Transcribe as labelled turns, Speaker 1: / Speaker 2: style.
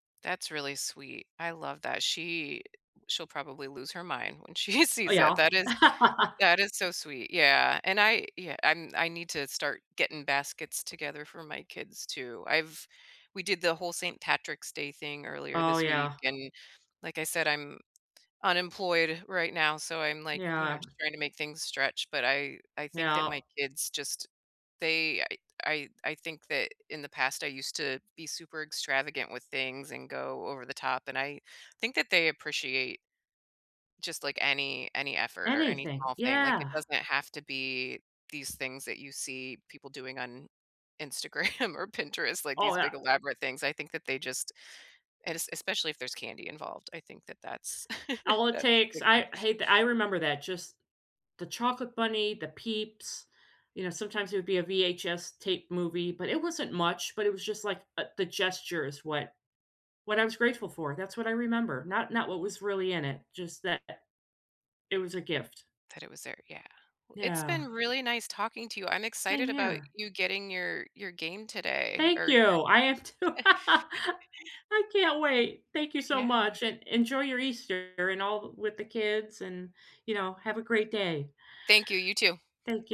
Speaker 1: That's really sweet. I love that. She she'll probably lose her mind when she
Speaker 2: Oh,
Speaker 1: sees it.
Speaker 2: yeah.
Speaker 1: That is that is so sweet. Yeah, and I, ye I I need to start getting baskets together for my kids, too. I've we did the whole St. Patrick's Day thing earlier
Speaker 2: Oh,
Speaker 1: this week,
Speaker 2: yeah.
Speaker 1: and like I said, I'm unemployed right now so, I'm, like, you know,
Speaker 2: Yeah.
Speaker 1: just trying to make things stretch, but I I think that my
Speaker 2: Yep.
Speaker 1: kids just they I I I think that in the past, I used to be super extravagant with things and go over the top, and I think that they appreciate just, like, any any effort or any
Speaker 2: Anything,
Speaker 1: small thing. Like, it
Speaker 2: yeah.
Speaker 1: doesn't have to be these things that you see people doing on Instagram or Pinterest, like
Speaker 2: Oh
Speaker 1: these
Speaker 2: yeah.
Speaker 1: big elaborate things. I think that they just and es especially if there's candy involved, I think that that's
Speaker 2: All it
Speaker 1: that's a
Speaker 2: takes
Speaker 1: big thing.
Speaker 2: I hey th I remember that. Just the chocolate bunny, the peeps, you know, sometimes it would be a VHS tape movie, but it wasn't much, but it was just, like, uh, the gestures what what I was grateful for. That's what I remember. Not not what was really in it. Just that it was a gift.
Speaker 1: That it was there. Yeah. It's
Speaker 2: Yeah.
Speaker 1: been really nice talking to you. I'm
Speaker 2: Same
Speaker 1: excited about
Speaker 2: here.
Speaker 1: you getting your your game today
Speaker 2: Thank
Speaker 1: or
Speaker 2: you.
Speaker 1: your
Speaker 2: I am too. I can't wait. Thank you so
Speaker 1: Yeah.
Speaker 2: much, and enjoy your Easter and all with the kids, and, you know, have a great day.
Speaker 1: Thank you. You too.
Speaker 2: Thank yo